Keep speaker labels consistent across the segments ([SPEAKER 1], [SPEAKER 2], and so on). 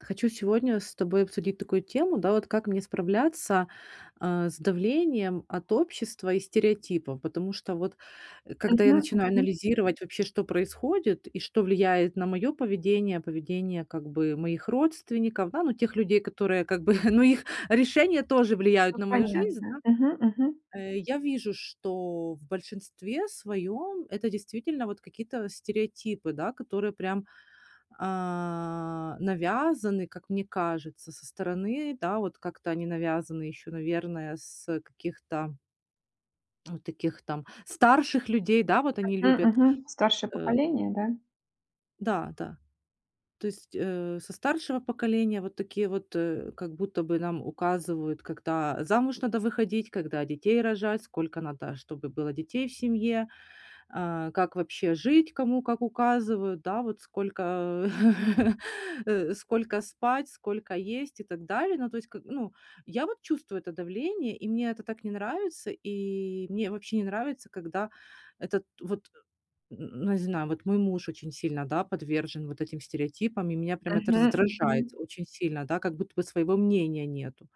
[SPEAKER 1] Хочу сегодня с тобой обсудить такую тему, да вот, как мне справляться, а, с давлением от общества и стереотипов. Потому что, вот, когда я
[SPEAKER 2] Мгм,
[SPEAKER 1] начинаю
[SPEAKER 2] мгм.
[SPEAKER 1] анализировать вообще, что происходит и что влияет на моё поведение, поведение, как бы, моих родственников, да, ну тех людей, которые, как бы, ну их решения тоже влияют
[SPEAKER 2] Ну,
[SPEAKER 1] на мою жизнь,
[SPEAKER 2] понятно.
[SPEAKER 1] да.
[SPEAKER 2] Мгм. Мгм.
[SPEAKER 1] Э, я вижу, что в большинстве своём это действительно вот какие-то стереотипы, да, которые прям а, навязаны, как мне кажется, со стороны, да, вот как-то они навязаны ещё, наверное, с, э, каких-то вот таких там старших людей, да, вот они
[SPEAKER 2] Мгм.
[SPEAKER 1] любят,
[SPEAKER 2] Мгм. Старшее
[SPEAKER 1] э
[SPEAKER 2] поколение, да?
[SPEAKER 1] Да, да. То есть, э, со старшего поколения, вот такие вот, э, как будто бы нам указывают, когда замуж надо выходить, когда детей рожать, сколько надо, чтобы было детей в семье, а, как вообще жить, кому как указывают, да, вот сколько, э, сколько спать, сколько есть и так далее. Ну, то есть, как ну Я вот чувствую это давление, и мне это так не нравится, и мне вообще не нравится, когда этот, вот н н не знаю, вот мой муж очень сильно, да, подвержен вот этим стереотипам, и меня прям это
[SPEAKER 2] Мгм,
[SPEAKER 1] раздражает
[SPEAKER 2] мгм.
[SPEAKER 1] очень сильно, да, как будто бы своего мнения нету.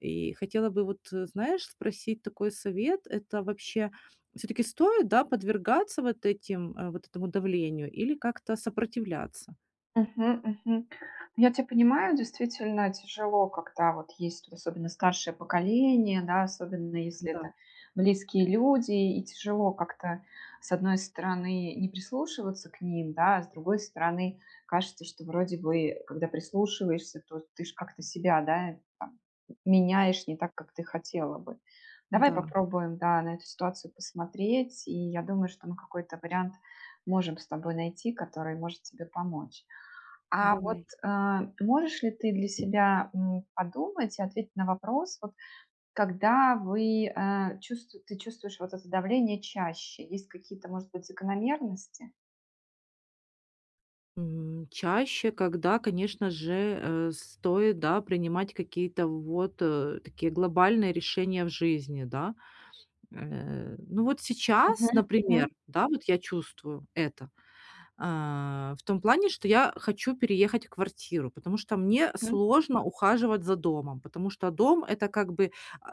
[SPEAKER 1] И хотела бы вот, э, знаешь, спросить такой совет: это вообще всё-таки стоит, да, подвергаться вот этим э, вот этому давлению или как-то сопротивляться?
[SPEAKER 2] Мгм. Мгм. Ну, я тя понимаю, действительно тяжело, когда вот есть, вот особенно старшее поколение, да, особенно если
[SPEAKER 1] Да.
[SPEAKER 2] это близкие люди, и тяжело как-то, с одной стороны, не прислушиваться к ним, да? А с другой стороны кажется, что, вроде бы, когда прислушиваешься, то ты ж как-то себя, да, там м меняешь, не так, как ты хотела бы. Давай
[SPEAKER 1] Да.
[SPEAKER 2] попробуем, да, на эту ситуацию посмотреть, и я думаю, что мы какой-то вариант можем с тобой найти, который может тебе помочь. А вот,
[SPEAKER 1] Давай.
[SPEAKER 2] а, можешь ли ты для себя, м, подумать и ответить на вопрос: вот когда вы, э, чувст ты чувствуешь вот это давление чаще? Есть какие-то, может быть, закономерности?
[SPEAKER 1] М, чаще, когда, конечно же, э, стоит, да, принимать какие-то вот, э, такие глобальные решения в жизни, да. Э, ну, вот сейчас,
[SPEAKER 2] Мгм,
[SPEAKER 1] например,
[SPEAKER 2] мгм.
[SPEAKER 1] да, вот я чувствую это, а, в том плане, что я хочу переехать в квартиру, потому что мне
[SPEAKER 2] Мгм.
[SPEAKER 1] сложно ухаживать за домом, потому что дом- это, как бы,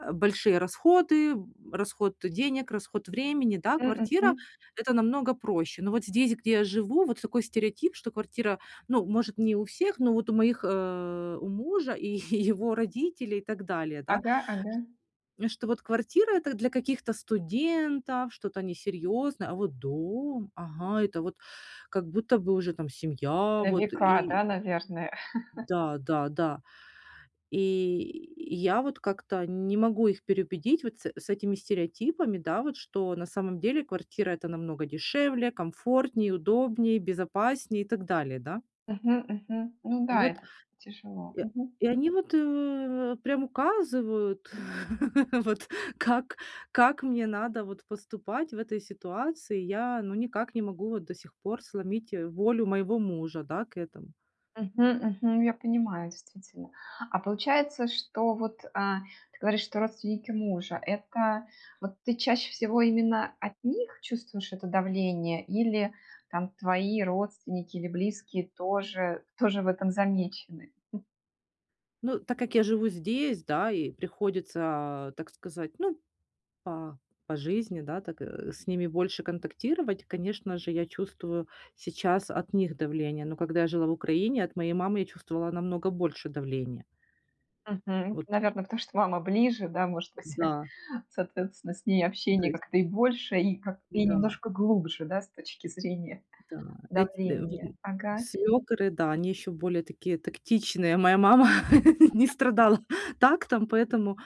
[SPEAKER 1] э, большие расходы, расход денег, расход времени, да?
[SPEAKER 2] Мгм,
[SPEAKER 1] Квартира-
[SPEAKER 2] мгм.
[SPEAKER 1] это намного проще. Но вот здесь, где я живу, вот такой стереотип, что квартира, ну, может, не у всех, но вот у моих, э, у мужа и е е его родителей и так далее, да?
[SPEAKER 2] Ага ага.
[SPEAKER 1] Что вот квартира- это для каких-то студентов, что-то несерьезное, а вот дом, ага! Это, вот, как будто бы уже там семья,
[SPEAKER 2] На
[SPEAKER 1] вот
[SPEAKER 2] века,
[SPEAKER 1] и
[SPEAKER 2] да, наверное?
[SPEAKER 1] Да, да, да. И и я вот как-то не могу их переубедить вот с с этими стереотипами, да, вот, что на самом деле квартира- это намного дешевле, комфортнее, удобнее, безопаснее и так далее, да.
[SPEAKER 2] Мгм. Мгм. Ну
[SPEAKER 1] И
[SPEAKER 2] да,
[SPEAKER 1] вот.
[SPEAKER 2] это тяжело.
[SPEAKER 1] И
[SPEAKER 2] Мгм.
[SPEAKER 1] и они, вот, у, прям указывают, вот, как как мне надо, вот, поступать в этой ситуации. Я, ну, никак не могу, вот, до сих пор сломить, э, волю моего мужа, да, к этому.
[SPEAKER 2] Мгм. Мгм. Я понимаю, действительно. А получается, что вот, а, ты говоришь, что родственники мужа- это, вот, ты чаще всего именно от них чувствуешь это давление или там твои родственники или близкие тоже тоже в этом замечены?
[SPEAKER 1] Ну, так как я живу здесь, да, и приходится, а, так сказать, ну, по по жизни, да, так, э, с ними больше контактировать, конечно же, я чувствую сейчас от них давление. Но когда я жила в Украине, от моей мамы я чувствовала намного больше давление.
[SPEAKER 2] Мгм.
[SPEAKER 1] Вот.
[SPEAKER 2] Наверное, потому что мама ближе, да, может быть,
[SPEAKER 1] Да.
[SPEAKER 2] соответственно, с ней
[SPEAKER 1] То
[SPEAKER 2] общение
[SPEAKER 1] есть.
[SPEAKER 2] как-то и больше, и ка и
[SPEAKER 1] Да.
[SPEAKER 2] немножко глубже, да, с точки зрения
[SPEAKER 1] Да. Эт
[SPEAKER 2] давления.
[SPEAKER 1] [unintelligible]
[SPEAKER 2] Ага.
[SPEAKER 1] свёкры, да, они еще более такие тактичные. А моя мама не
[SPEAKER 2] Ага.
[SPEAKER 1] страдала так там, поэтому,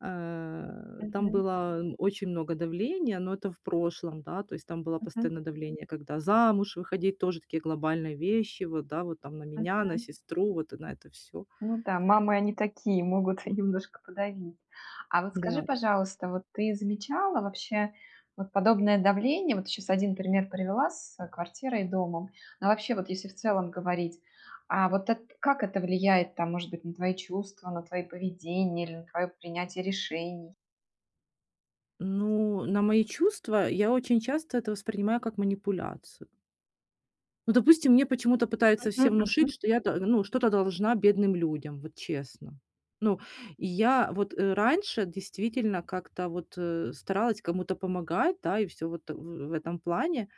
[SPEAKER 1] э, там
[SPEAKER 2] Мгм.
[SPEAKER 1] было очень много давления, но это в прошлом, да, то есть там было
[SPEAKER 2] Мгм.
[SPEAKER 1] постоянно давление, когда замуж выходить, тоже такие глобальные вещи, вот, да, вот там на меня, на
[SPEAKER 2] Мгм.
[SPEAKER 1] сестру, вот, а, на это всё.
[SPEAKER 2] Ну да. Мамы, они такие, могут и немножко подавить. А вот скажи,
[SPEAKER 1] Да.
[SPEAKER 2] пожалуйста, вот ты замечала вообще вот подобное давление, вот ты щас 1 пример привела с, э, квартирой и домом. А вообще вот если в целом говорить, а вот эт как это влияет там, может быть, на твои чувства, на твое поведение или на твое принятие решений?
[SPEAKER 1] Ну, на мои чувства- я очень часто это воспринимаю как манипуляцию. Ну, допустим, мне почему-то пытаются
[SPEAKER 2] Мгм,
[SPEAKER 1] все внушить,
[SPEAKER 2] мгм.
[SPEAKER 1] что я т ну, что-то должна бедным людям, вот честно. Ну, и я вот, э, раньше действительно как-то вот, э, старалась кому-то помогать, да, и всё вот, э, в этом плане.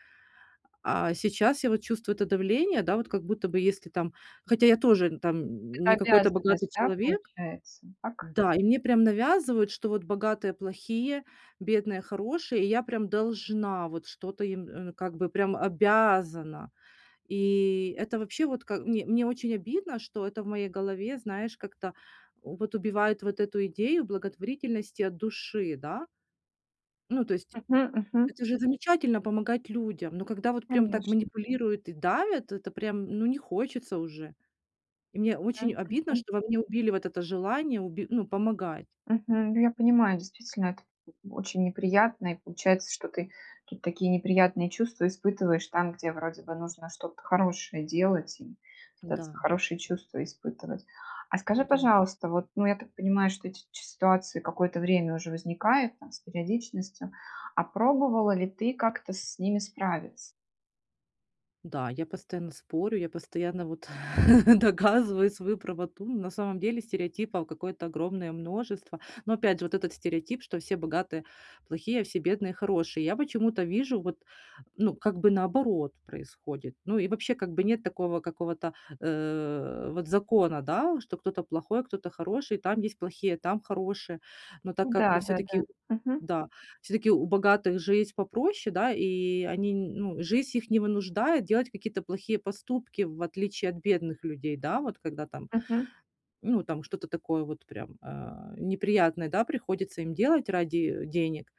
[SPEAKER 1] А сейчас я вот чувствую это давление, да, вот как будто бы если там хотя я тоже там
[SPEAKER 2] Это
[SPEAKER 1] не какой-то
[SPEAKER 2] обязанность,
[SPEAKER 1] богатый
[SPEAKER 2] да,
[SPEAKER 1] человек.
[SPEAKER 2] получается, так?
[SPEAKER 1] Да, и мне прям навязывают, что вот богатые плохие, бедные хорошие, и я прям должна, вот что-то им, э, как бы прям обязана. И это вообще вот как мн мне очень обидно, что это в моей голове, знаешь, как-то вот убивает вот эту идею благотворительности от души, да? Ну, то есть.
[SPEAKER 2] Мгм, мгм.
[SPEAKER 1] Это же замечательно- помогать людям, но когда вот прям так
[SPEAKER 2] Конечно.
[SPEAKER 1] манипулируют и давят, это прям, ну, не хочется уже. И мне
[SPEAKER 2] М,
[SPEAKER 1] очень обидно,
[SPEAKER 2] мгм.
[SPEAKER 1] что во мне убили вот это желание уби ну, помогать.
[SPEAKER 2] Мгм, я понимаю, действительно, это очень неприятно, и получается, что ты ты такие неприятные чувства испытываешь там, где вроде бы нужно что-то хорошее делать и пытаться
[SPEAKER 1] Да.
[SPEAKER 2] хорошие чувства испытывать. А скажи,
[SPEAKER 1] Да.
[SPEAKER 2] пожалуйста, вот, ну, я так понимаю, что эти ч ситуации какое-то время уже возникают там с периодичностью, а пробовала ли ты как-то с ними справиться?
[SPEAKER 1] Да, я постоянно спорю, я постоянно вот доказываю свою правоту, на самом деле стереотипов какое-то огромное множество. Но опять же, вот этот стереотип, что все богатые плохие, а все бедные хорошие, я почему-то вижу вот, ну, как бы наоборот происходит. Ну и вообще, как бы нет такого какого-то, э, вот закона, да, что кто-то плохой, а кто-то хороший, там есть плохие, там хорошие. Но так как
[SPEAKER 2] Да-да-да.
[SPEAKER 1] всё-таки
[SPEAKER 2] Мгм.
[SPEAKER 1] да, всё-таки у богатых жизнь попроще, да, и они, ну, жизнь их не вынуждает делать какие-то плохие поступки, в отличие от бедных людей, да. Вот когда там,
[SPEAKER 2] Мгм.
[SPEAKER 1] ну там что-то такое вот, прям, а, неприятное, да, приходится им делать ради, э, денег.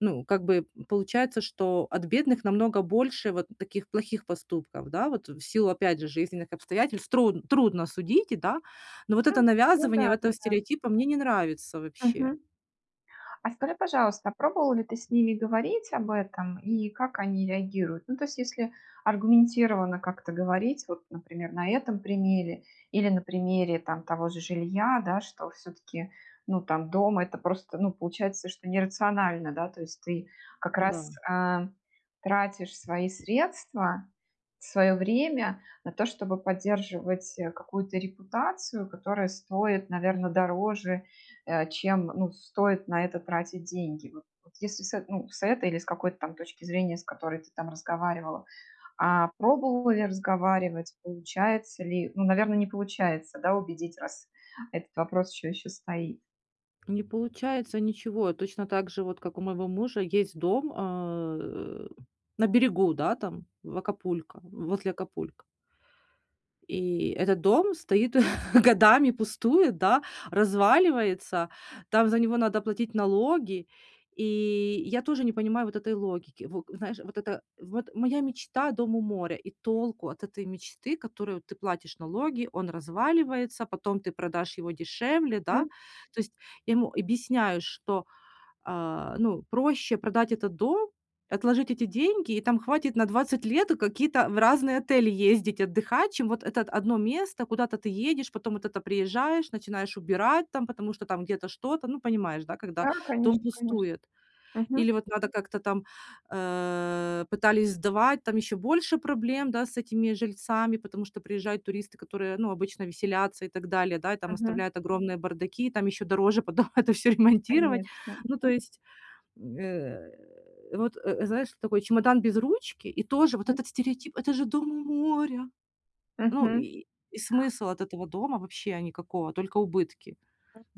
[SPEAKER 1] Ну, как бы получается, что от бедных намного больше вот таких плохих поступков, да, вот в силу, опять же, жизненных обстоятельств, тру трудно судить, да, но вот это
[SPEAKER 2] Ну да,
[SPEAKER 1] навязывание этого
[SPEAKER 2] да-да.
[SPEAKER 1] стереотипа мне не нравится вообще.
[SPEAKER 2] Мгм. А скажи, пожалуйста, пробовала ли ты с ними говорить об этом и как они реагируют? Ну то есть, если аргументированно как-то говорить вот, например, на этом примере или на примере там того же жилья, да, что все-таки, ну, там дом- это просто, ну, получается, что нерационально, да. То есть ты как
[SPEAKER 1] Да.
[SPEAKER 2] раз, а, тратишь свои средства, свое время на то, чтобы поддерживать, э, какую-то репутацию, которая стоит, наверно, дороже, э, чем, ну, стоит на это тратить деньги. Вот вот если с этой, ну, с этой или с какой-то там точки зрения, с которой ты там разговаривала, а, пробовала ли разговаривать, получается ли, ну, наверно, не получается, да, убедить, раз этот вопрос еще еще стоит.
[SPEAKER 1] Не получается ничего, точно так же вот как у моего мужа есть дом, а, э, на берегу, да, там в Акапулько, возле Акапулько. И этот дом стоит годами, пустует, да, разваливается, там за него надо платить налоги, и я тоже не понимаю вот этой логики. Во знаешь, вот это: вот моя мечта- дом у моря, и толку от этой мечты, которую ты платишь налоги, он разваливается, потом ты продашь его дешевле, да?
[SPEAKER 2] Мгм.
[SPEAKER 1] То есть я ему объясняю, что, а, ну проще продать этот дом, отложить эти деньги, и там хватит на 20 лет какие-то в разные отели ездить, отдыхать, чем вот это 1 место, куда-то ты едешь, потом вот это приезжаешь, начинаешь убирать там, потому что там где-то что-то, ну, понимаешь, да, когда
[SPEAKER 2] Да,
[SPEAKER 1] дом
[SPEAKER 2] конечно конечно.
[SPEAKER 1] пустует.
[SPEAKER 2] Мгм.
[SPEAKER 1] Или вот надо как-то там, э, пытались сдавать, там еще больше проблем, да, с этими жильцами, потому что приезжают туристы, которые, ну, обычно веселятся и так далее, да, и там
[SPEAKER 2] Мгм.
[SPEAKER 1] оставляют огромные бардаки, там еще дороже потом это всё ремонтировать.
[SPEAKER 2] Конечно.
[SPEAKER 1] Ну, то
[SPEAKER 2] Мгм.
[SPEAKER 1] есть, э, вот, э, знаешь, такой чемодан без ручки, и тоже вот
[SPEAKER 2] М.
[SPEAKER 1] этот стереотип: "Это же дом у моря". Ну
[SPEAKER 2] Мгм.
[SPEAKER 1] и и смысл от этого дома вообще никакого, только убытки.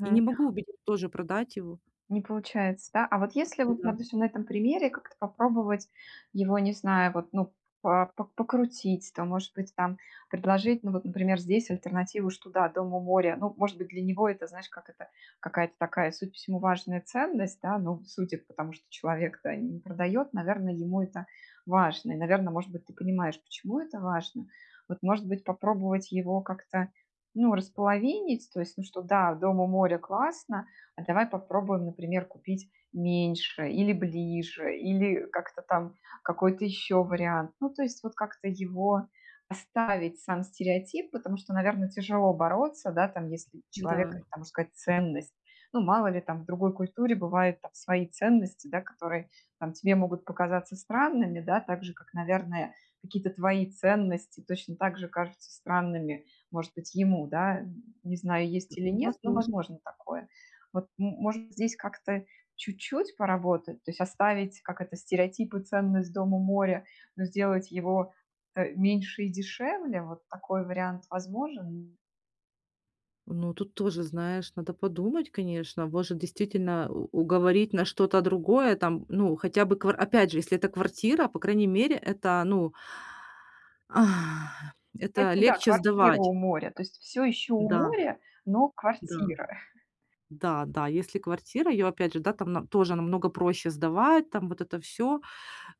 [SPEAKER 1] Я не могу убедить тоже продать его.
[SPEAKER 2] Не получается, да? А вот если, вот
[SPEAKER 1] Да.
[SPEAKER 2] допустим, на этом примере как-то попробовать его, не знаю, вот, ну, по п покрутить, там, может быть, там предложить, ну вот, например, здесь альтернативу: что да, дом у моря, ну, может быть, для него это, знаешь, как это какая-то такая, судя по всему, важная ценность, да. Ну, судя по тому, что человек-то, э, не продает, наверное, ему это важно. И, наверно, может быть, ты понимаешь, почему это важно. Вот, может быть, попробовать его как-то, ну, располовинить. То есть, ну что, да, дом у моря- классно, а давай попробуем, например, купить меньше или ближе, или как-то там какой-то еще вариант. Ну то есть вот как-то его оставить, сам стереотип, потому что, наверно, тяжело бороться, да, там, если у человека
[SPEAKER 1] Да.
[SPEAKER 2] там, можно сказать, ценность. Ну мало ли, там, в другой культуре бывают там свои ценности, да, которые там тебе могут показаться странными, да, так же, как, наверное, какие-то твои ценности точно так же кажутся странными, может быть, ему, да. Не знаю, есть или нет, но
[SPEAKER 1] Возможно.
[SPEAKER 2] возможно такое. Вот, может, здесь как-то чуть-чуть поработать: то есть оставить, как это, стереотип и ценность- дом у моря, но сделать его, э, меньше и дешевле. Вот такой вариант возможен?
[SPEAKER 1] Ну, тут тоже, знаешь, надо подумать, конечно, может, действительно у уговорить на что-то другое. Там, ну, хотя бы квар Опять же, если это квартира, по крайней мере, это, ну, это
[SPEAKER 2] Кстати, да,
[SPEAKER 1] легче
[SPEAKER 2] квартира
[SPEAKER 1] сдавать.
[SPEAKER 2] у моря, то есть всё ещё у
[SPEAKER 1] Да.
[SPEAKER 2] моря, но
[SPEAKER 1] Да.
[SPEAKER 2] квартира.
[SPEAKER 1] Да да, если квартира, её опять же, да, там на там тоже намного проще сдавать, там вот это всё,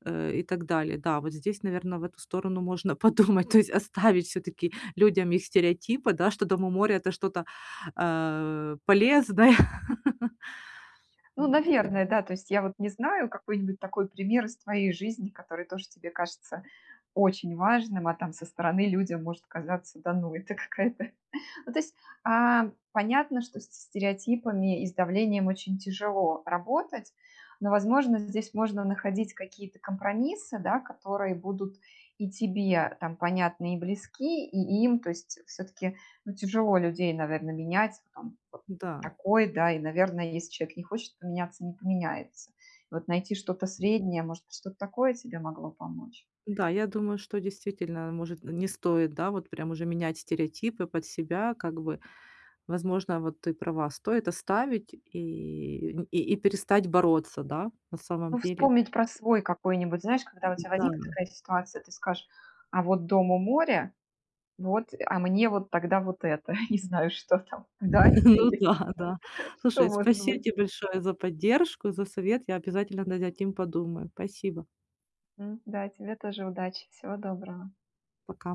[SPEAKER 1] э, и так далее. Да, вот здесь, наверное, в эту сторону можно подумать, то есть оставить всё-таки людям их стереотипы, да, что дом у моря- это что-то, э, полезное.
[SPEAKER 2] Ну,
[SPEAKER 1] М.
[SPEAKER 2] наверное, да. То есть я вот не знаю какой-нибудь такой пример из твоей жизни, который тоже тебе кажется очень важным, а там со стороны людям может казаться: "Да ну, это какая-то". Ну то есть, а, понятно, что со стереотипами и с давлением очень тяжело работать, но, возможно, здесь можно находить какие-то компромиссы, да, которые будут и тебе там понятны и близки, и им. То есть всё-таки, ну, тяжело людей, наверное, менять, там п
[SPEAKER 1] Да.
[SPEAKER 2] такой, да, и, наверно, если человек не хочет поменяться- не поменяется. И вот найти что-то среднее, может, что-то такое тебе могло помочь.
[SPEAKER 1] Да, я думаю, что действительно, может, н не стоит, да, вот прям уже менять стереотипы под себя как бы. Возможно, вот ты права. Стоит оставить и нь и и перестать бороться, да, на самом
[SPEAKER 2] Ну,
[SPEAKER 1] деле.
[SPEAKER 2] вспомнить про свой какой-нибудь, знаешь, когда у тебя
[SPEAKER 1] Да.
[SPEAKER 2] возникнет ситуация, ты скажешь: "А вот дом у моря, вот, а мне вот тогда вот это, не знаю, что там, дача,
[SPEAKER 1] Ну
[SPEAKER 2] или
[SPEAKER 1] да, да.
[SPEAKER 2] что
[SPEAKER 1] Слушай,
[SPEAKER 2] может
[SPEAKER 1] спасибо
[SPEAKER 2] быть".
[SPEAKER 1] тебе большое за поддержку, за совет, я обязательно над этим подумаю. Спасибо.
[SPEAKER 2] М, да, тебе тоже удачи, всего доброго.
[SPEAKER 1] Пока.